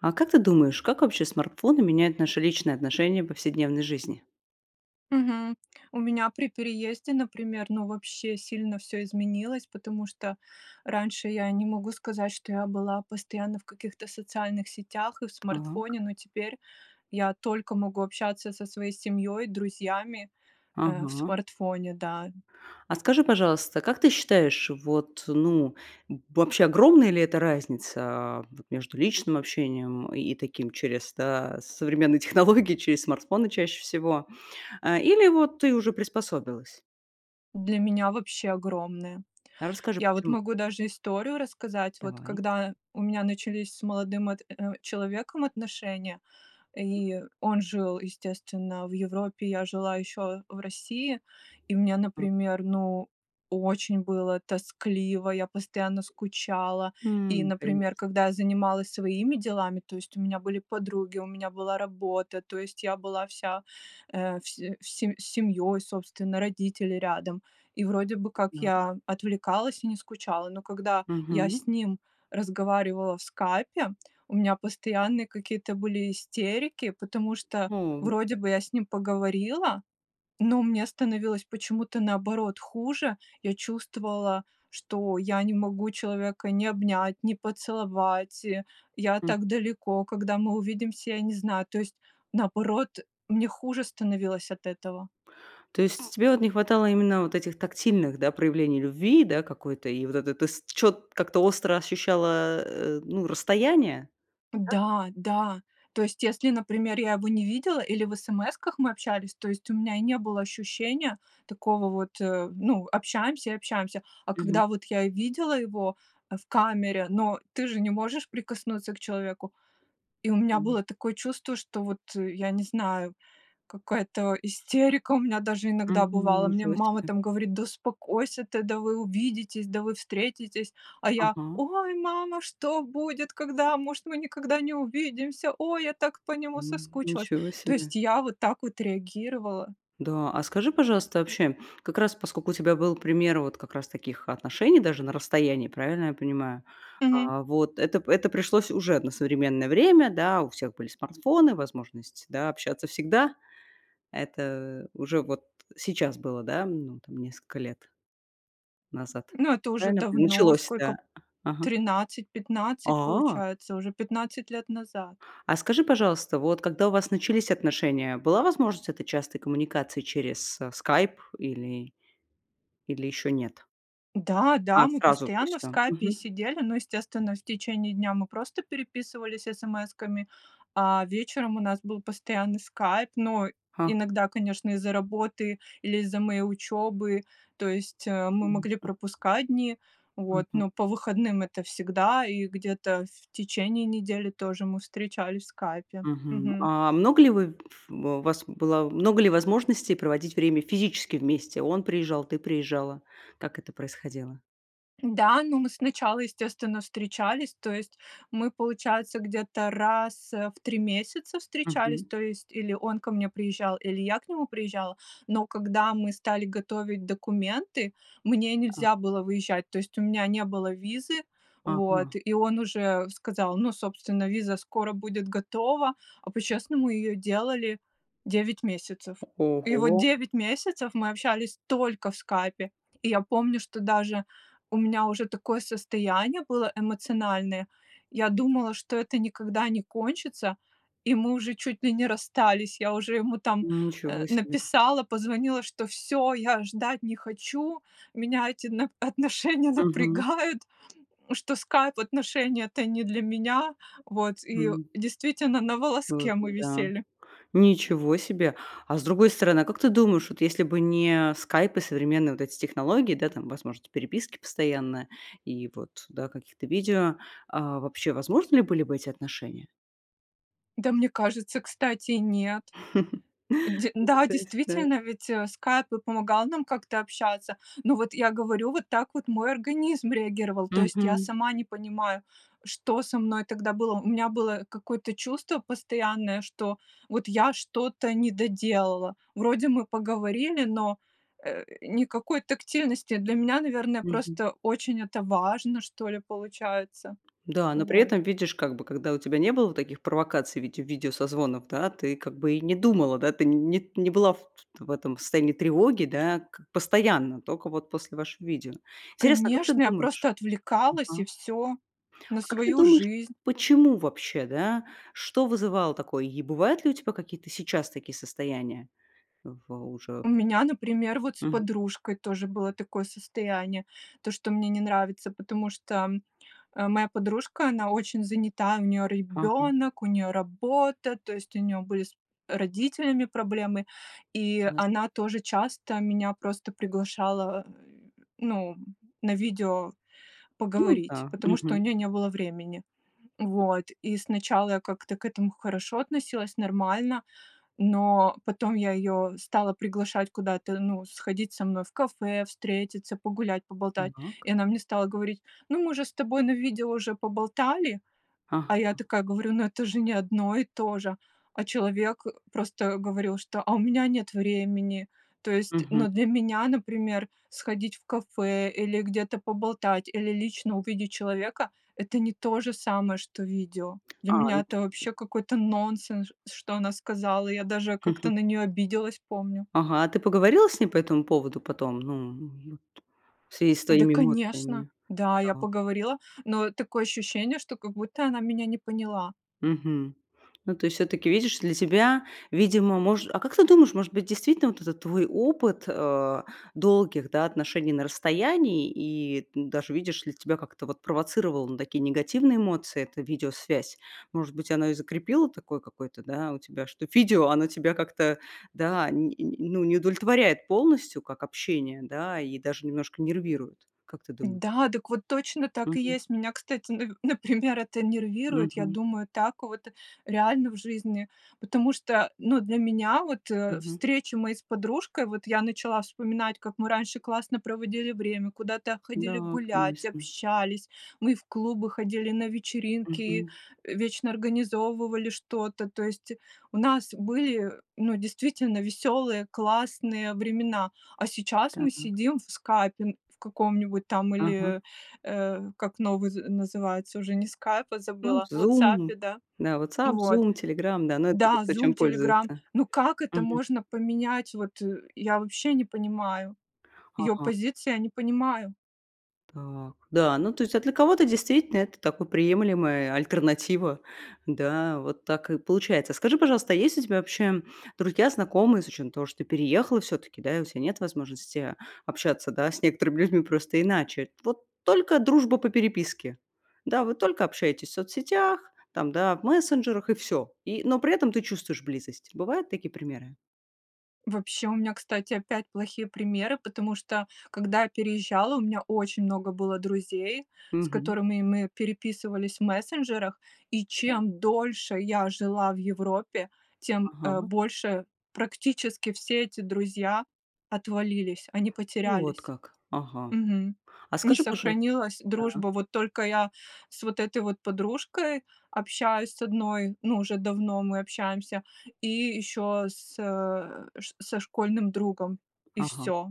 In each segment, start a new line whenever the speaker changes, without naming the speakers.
А как ты думаешь, как вообще смартфоны меняют наше личное отношение в повседневной жизни?
Мгм. У меня при переезде, например, ну вообще сильно всё изменилось, потому что раньше я не могу сказать, что я была постоянно в каких-то социальных сетях и в
Так.
смартфоне, но теперь я только могу общаться со своей семьей, друзьями, э, в
Ага.
смартфоне, да.
А скажи, пожалуйста, как ты считаешь, вот ну, э, вообще огромная ли это разница, а, вот между личным общением, и, э, таким, через, да, современные технологии, через смартфоны чаще всего, а, или вот ты уже приспособилась?
Для меня вообще огромное.
Расскажи,
Я вот
почему.
могу даже историю рассказать. Вот
Давай.
когда у меня начались с молодым от э, человеком отношения, и он жил, естественно, в Европе, я жила еще в России, и мне,
А
например, ну, очень было тоскливо, я постоянно скучала, и,
Мгм, конечно.
например, когда я занималась своими делами, то есть у меня были подруги, у меня была работа, то есть я была вся, э, все все с семьей, собственно, родители рядом, и вроде бы как
Так.
я отвлекалась и не скучала. Но когда я
Мгм.
с ним разговаривала в "Скайпе", у меня постоянные какие-то были истерики, потому что
О, вот
вроде
как.
бы я с ним поговорила, но мне становилось почему-то наоборот хуже. Я чувствовала, что я не могу человека ни обнять, ни поцеловать, и, я
Хм.
так далеко, когда мы увидимся, я не знаю, то есть наоборот мне хуже становилось от этого.
То есть, тебе вот не хватало именно вот этих тактильных, да, проявлений любви, да, какой-то, и вот это ты, с чё-т как-то остро ощущала, э, ну, расстояние, так?
Да, да. То есть если, например, я его не видела или в смс-ках мы общались, то есть у меня и не было ощущения такого вот, э, ну, общаемся и общаемся, а
Мгм.
когда вот я видела его, э, в камере, но ты же не можешь прикоснуться к человеку. И у меня
Мгм.
было такое чувство, что вот я не знаю, какая-то истерика у меня даже иногда
Мгм,
бывало, мне
ничего
мама
себе.
там говорит: "Да успокойся ты! Да вы увидитесь! Да вы встретитесь!" А я:
Ага.
"Ой, мама, что будет, когда? Может, мы никогда не увидимся? Ой, я так по нему
М,
соскучилась!"
ничего
То
себе.
есть я вот так вот реагировала.
Да, а скажи пожалуйста вообще как раз поскольку у тебя был пример вот как раз таких отношений даже, на расстоянии, правильно я понимаю?
Мгм.
А, вот это п это пришлось уже на современное время, да, у всех были смартфоны, возможность, да, общаться всегда. Это уже вот сейчас было, да, ну там, несколько лет назад?
Но это уже
Правильно я пони
давно,
началось да,
сколько
ага?
13-15
А?
получается, уже 15 лет назад.
А скажи, пожалуйста, вот когда у вас начались отношения, была возможность этой частой коммуникации через, э, "Скайп" или или ещё нет?
Да-да,
А,
мы
сразу, то
постоянно
есть
в
он?
Скайпе
Мгм.
сидели, но естественно в течение дня мы просто переписывались смсками, а вечером у нас был постоянный Скайп. Но
Ха.
иногда конечно из-за работы или из-за моей учебы, то есть, э, мы могли
Конечно.
пропускать дни, вот.
Мгм.
Но по выходным это всегда, и где-то в течение недели тоже мы встречались в Скайпе.
Мгм.
Мгм.
А много ли вы ф в у вас была много ли возможностей проводить время физически вместе? Он приезжал, ты приезжала. Как это происходило?
Да, ну мы сначала, естественно, встречались, то есть мы, получается, где-то раз, э, в три месяца встречались.
Мгм.
То есть или он ко мне приезжал, или я к нему приезжала. Но когда мы стали готовить документы, мне нельзя было выезжать, то есть у меня не было визы, вот,
Ага.
и он уже сказал: "Ну, собственно, виза скоро будет готова". А по-честному ее делали 9 месяцев. И вот
Ого!
9 месяцев мы общались только в Скайпе, И я помню, что даже у меня уже такое состояние было эмоциональное, я думала, что это никогда не кончится, и мы уже чуть ли не расстались. Я уже ему там, э,
Ничего себе!
написала, позвонила, что всё, я ждать не хочу, меня эти нап отношения
Мгм.
напрягают, что скайп отношения это не для меня, вот. И
М.
действительно на
Ух
волоске мы
ты. Да.
висели.
Ничего себе. А с другой стороны, а как ты думаешь, вот если бы не скайп и современные вот эти технологии, да, там возможности переписки постоянная и вот, да, каких-то видео, а, вообще возможны ли были бы эти отношения?
Да, мне кажется, кстати, нет. Де
Ну,
да,
то есть да.
действительно, ведь "Скайп" и помогал нам как-то общаться. Ну вот я говорю, вот так вот мой организм реагировал, то есть я
Мгм.
сама не понимаю, что со мной тогда было. У меня было какое-то чувство постоянное, что, вот, я что-то не доделала. Вроде мы поговорили, но, э, никакой тактильности. Для меня, наверное,
Мгм.
просто очень это важно, что ли, получается.
Да, но при
Вот.
этом видишь, как бы, когда у тебя не было таких провокаций, в виде видео созвонов, да, ты как бы и не думала, да, ты не не была в в этом состоянии тревоги, да, к постоянно, только вот после вашего видео. Интересно, как ты
Конечно! Я
думаешь?
просто отвлекалась и
Мгм.
всё, на
А как ты
свою
думаешь,
жизнь.
почему вообще, да, что вызывало такое, и бывают ли у тебя какие-то сейчас такие состояния? В уже
У меня, например, вот, с
Мгм.
подружкой тоже было такое состояние, то что мне не нравится, потому что, э, моя подружка, она очень занята, у неё
Ага.
ребенок, у неё работа, то есть у неё были с родителями проблемы, и
У нас
она тоже часто меня просто приглашала, ну, на видео
Ну
поговорить,
да.
потому что у
Мгм.
нее не было времени, вот. И сначала я как-то к этому хорошо относилась, нормально, но потом я её стала приглашать куда-то, ну, сходить со мной в кафе, встретиться, погулять, поболтать.
Так.
И она мне стала говорить: "Ну мы же с тобой на видео уже поболтали", а я
Ага.
такая говорю: "Ну это же не одно и то же." А человек просто говорил, что: "А у меня нет времени", то есть
Мгм.
ну для меня, например, сходить в кафе, или где-то поболтать, или лично увидеть человека- это не то же самое, что видео. Для
А,
меня
ну
это вообще какой-то нонсенс, что она сказала! Я даже как-то на нее обиделась, помню.
Ага, а ты поговорила с ней по этому поводу потом, ну, в связи с
Да,
твоими
конечно!
эмоциями,
Да, я
там?
поговорила, но такое ощущение, что как будто она меня не поняла.
Мгм. Ну то есть всё-таки видишь, для тебя видимо мож А как ты думаешь, может быть действительно вот этот твой опыт, э, долгих, да, отношений на расстоянии, и даже видишь ли, тебя как-то вот провоцировало на такие негативные эмоции, эта видеосвязь. Может быть, оно и закрепило такое, какое-то, да, у тебя, что видео, оно тебя как-то да, не ну, не удовлетворяет полностью, как общение да, и даже немножко нервирует. Как ты думаешь?
Да, так вот точно, так и
Мгм.
есть! Меня, кстати, на например, это нервирует, я
Мгм.
думаю так, вот реально в жизни, потому что ну для меня вот
Мгм.
встречи мои с подружкой, вот я начала вспоминать, как мы раньше классно проводили время, куда-то ходили
Да,
гулять,
конечно!
общались, мы и в клубы ходили, и на вечеринки, и
Мгм.
вечно организовывали что-то. То есть у нас были, ну, действительно веселые, классные времена, а сейчас мы
Так.
сидим в "Скайпе" в каком-нибудь там
Ага.
или, э, э, как новый называется, уже не "Скайп", а
Ну
забыла, в "Вотсапе",
"Зум",
да.
да "Вотсап",
Вот
"Зум", "Телеграм", да, ну, это уже
да,
кто
"Зум",
чем
"Телеграм",
пользуется.
ну как это
Мгм.
можно поменять? Вот, я вообще не понимаю, её
Ага.
позиции я не понимаю!
Так. Да, ну то есть а для кого-то действительно, это такая приемлемая альтернатива, да, вот так и получается. Скажи, пожалуйста, а есть у тебя вообще друзья, знакомые, с учетом того, что ты переехала всё-таки, да, и у тебя нет возможности общаться, да, с некоторыми людьми просто иначе, вот, только дружба по переписке. Да? Вы только общаетесь в соцсетях, там, да, в мессенджерах, и всё. И но при этом ты чувствуешь близость. Бывают такие примеры?
Вообще, у меня, кстати, опять плохие примеры, потому что, когда я переезжала, у меня очень много было друзей, с
Мгм.
которыми мы переписывались в мессенджерах, и
Да.
чем дольше я жила в Европе, тем, э,
Ага.
больше практически все эти друзья отвалились, они
Вот
потерялись.
как, ага.
Мгм.
А
Не
скажи, пожа
сохранилась
да.
дружба, вот только я с вот этой вот подружкой общаюсь с 1, ну, уже давно мы общаемся, и ещё с, э, ш со школьным другом, и
Ага.
всё.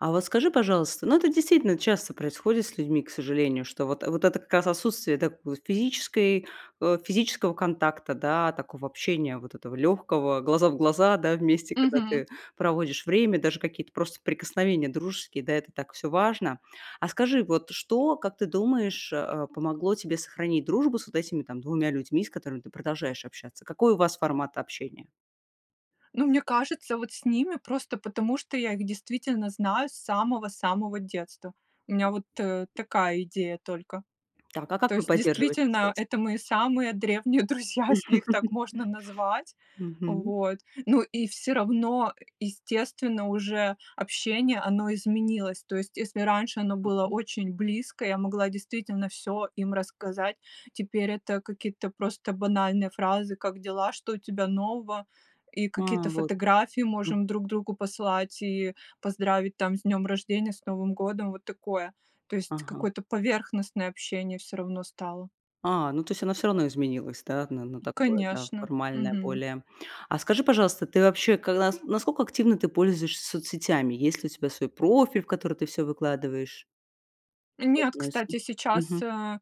А вот скажи, пожалуйста, ну это действительно часто происходит с людьми, к сожалению, что вот, вот это, как раз, отсутствие, да, в физической, э, физического контакта да, такого общения, вот, этого легкого, глаза в глаза, да, вместе, когда
Мгм.
ты проводишь время, даже какие-то просто прикосновения дружеские, да, это так всё важно. А скажи, вот, что, как ты думаешь, э, помогло тебе сохранить дружбу с вот этими, там, 2 людьми, с которыми ты продолжаешь общаться? Какой у вас формат общения?
Ну, мне кажется, вот, с ними, просто потому что я их действительно знаю с самого-самого детства. У меня, вот, э, такая идея только.
Так а как
То
вы
есть
поддерживаете
действительно,
связь?
это мои самые древние друзья если их так можно назвать,
Мгм.
вот. Ну и всё равно, естественно, уже общение, оно изменилось. То есть, если раньше оно было очень близкое, я могла действительно всё им рассказать, теперь это какие-то просто банальные фразы: "Как дела? Что у тебя нового?" И
А,
какие-то
вот как.
фотографии
Мгм.
можем друг другу послать, и поздравить, там, с днем рождения, с Новым годом, вот такое, то есть
Ага.
какое-то поверхностное общение всё равно стало.
А, ну то есть оно всё равно изменилась, да? Н-а на такое, да,
Конечно.
формальное
Мгм.
более. А скажи пожалуйста, ты вообще, как нас насколько активно ты пользуешься соцсетями, есть ли у тебя свой профиль, в который ты всё выкладываешь?
Нет, кстати,
[unintelligible]
сейчас,
Мгм.
э,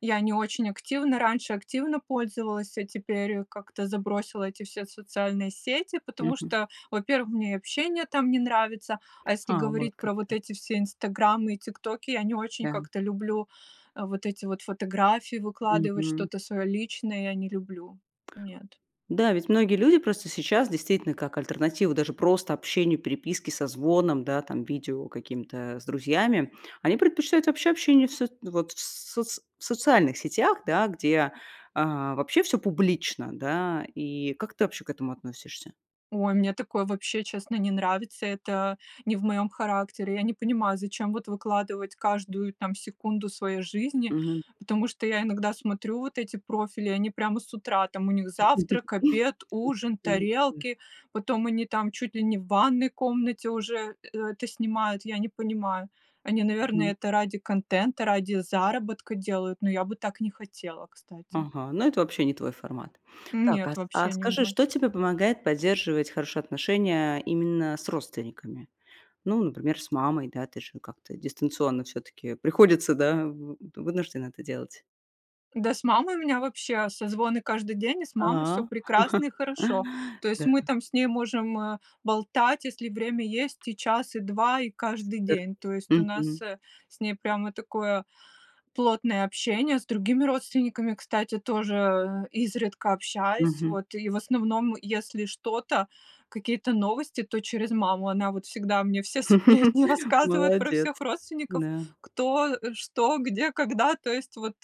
я не очень активно, раньше активно пользовалась, а теперь как-то забросила эти все социальные сети, потому
Мгм.
что, во-первых, мне общение там не нравится, а если
А вот
говорить
как,
про вот
да.
эти все "Инстаграмы" и "ТикТоки" я не очень
Да.
как-то люблю вот эти вот фотографии выкладывать,
Мгм.
что-то свое личное, я не люблю, нет.
Да, ведь многие люди просто сейчас действительно, как альтернатива даже просто общению, переписке, созвонам, да, там, видео каким-то, э, с друзьями. Они предпочитают вообще общение в соц вот в соц в социальных сетях, да, где, а, вообще всё публично, да, и как ты вообще к этому относишься?
Ой, мне такое вообще честно не нравится, это не в моем характере. Я не понимаю, зачем вот выкладывать каждую, там, секунду своей жизни,
Мгм.
потому что я иногда смотрю вот эти профили, они прямо с утра, там у них завтрак, обед, ужин,
[unintelligible]
тарелки, потом они там чуть ли не в ванной комнате уже э это снимают, я не понимаю, они, наверное,
Мгм.
это ради контента, ради заработка делают, но я бы так не хотела, кстати.
Ага, ну это вообще не твой формат. Так,
Нет,
а с а
вообще не
скажи,
мой.
что тебе помогает поддерживать хорошие отношения, именно, с родственниками? Ну, например, с мамой, да, ты же ну как-то дистанционно всё-таки приходится, да, вы т вынуждены это делать.
Да с мамой у меня вообще созвоны каждый день, и с мамой всё
А.
прекрасно и хорошо. То есть
Да.
мы там с ней можем, э, болтать, если время есть и час, и 2, и каждый
Супер.
день. То есть у нас,
Мгм.
э, с ней прямо такое плотное общение с другими родственниками, кстати, тоже, э, изредка общаюсь.
Мгм.
Вот и в основном, если что-то, какие-то новости, то через маму, она вот всегда мне всё сплетни рассказывают про
Молодец!
всех родственников:
Да.
кто, э, что, где, когда. То есть вот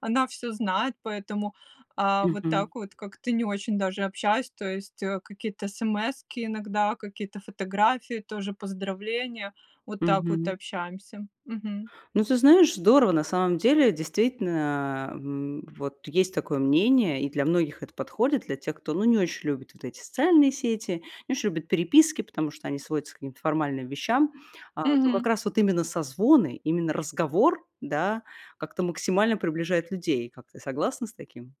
она всё знает, поэтому, э, вот
Мгм.
так вот как-то не очень даже общаюсь, то есть какие-то эсэмэски иногда, какие-то фотографии, тоже поздравления. Вот так вот
Мгм.
общаемся. Мгм.
Ну ты знаешь, здорово, на самом деле, действительно, э, вот есть такое мнение, и для многих это подходит, для тех, кто ну не очень любит вот эти социальные сети, не очень любит переписки, потому что они сводятся к каким-то формальным вещам, а то как
Мгм.
раз вот именно созвоны, именно разговор, да, как-то максимально приближает людей. Как ты, согласна с таким?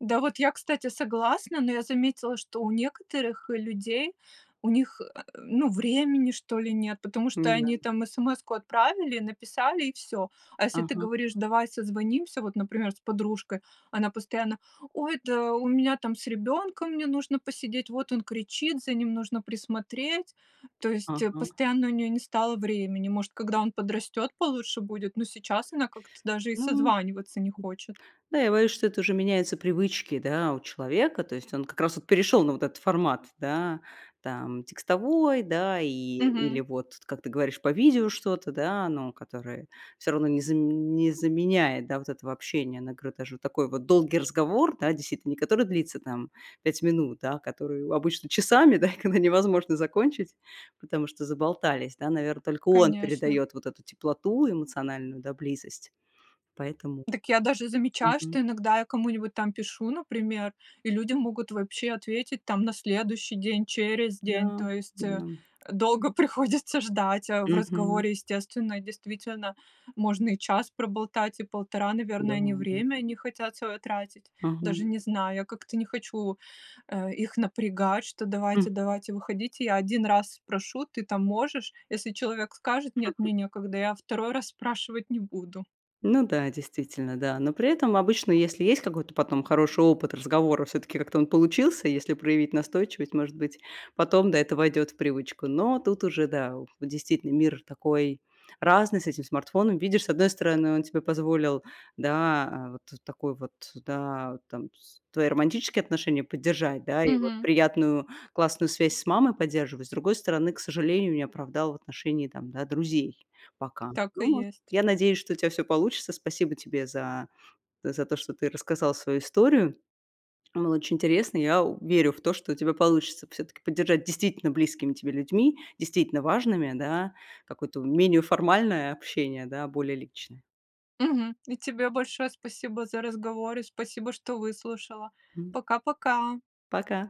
Да вот я, кстати, согласна, но я заметила, что у некоторых людей, у них, э, ну, времени, что ли, нет, потому что
Н-да.
они там смс-ку отправили, написали и всё. А если ты
Ага.
говоришь: "Давай созвонимся" вот, например, с подружкой, она постоянно: "Ой, да у меня там с ребенком, мне нужно посидеть, вот он кричит, за ним нужно присмотреть." То есть, э,
Ага.
постоянно у нее не стало времени, может, когда он подрастет получше будет, но сейчас она как-то даже и
Ну
созваниваться не хочет.
Да, я боюсь, что это уже меняются привычки, да, у человека, то есть он как раз, вот перешел на вот этот формат, да, там текстовой, да, и или
Мгм.
вот, как ты говоришь, по видео что-то, да, но которое всё равно не заме не заменяет, да, вот этого общения. Она говорит, даже такой вот долгий разговор, да, действительно, не который длится там 5 минут, да, а который обычно часами, да, когда невозможно закончить, потому что заболтались, да, наверное, только он
Конечно.
передает вот эту теплоту эмоциональную, да, близость. Поэтому,
Дак я даже замечаю,
мгм.
что иногда я кому-нибудь там пишу, например, и люди могут вообще ответить там на следующий день, через день,
Да,
то есть, э,
да.
долго приходится ждать, а в
Мгм.
разговоре, естественно, действительно можно и час проболтать, и полтора,
Да
наверное, они
ладно.
время не хотят свое тратить. Даже
Ага.
не знаю, я как-то не хочу, э, их напрягать, что давайте давайте, выходите. Я 1 раз спрошу: "Ты там можешь?" Если человек скажет: "Нет. Мне некогда." Я 2 раз спрашивать не буду.
Ну да, действительно, да. Но при этом обычно, если есть какой-то потом хороший опыт разговора, всё-таки как-то он получился, если проявить настойчивость, может быть, потом, да, это войдёт в привычку. Но тут уже, да, о действительно, мир такой разный с этим смартфоном. Видишь, с одной стороны, он тебе позволил, да, вот, э, такой вот, да, там, с твои романтические отношения поддержать, да, и вот
Мгм.
приятную классную связь с мамой поддерживать. С другой стороны, к сожалению, не оправдал в отношении, там, да, друзей пока.
Так и
Ну,
есть.
я надеюсь, что у тебя всё получится. Спасибо тебе за за то, что ты рассказал свою историю. Было очень интересно, я у верю в то, что у тебя получится всё-таки поддержать действительно близкими тебе людьми, действительно важными, да, какое-то менее формальное общение, да, более личное.
Мгм. И тебе большое спасибо за разговор, и спасибо, что выслушала. Пока-пока.
Пока!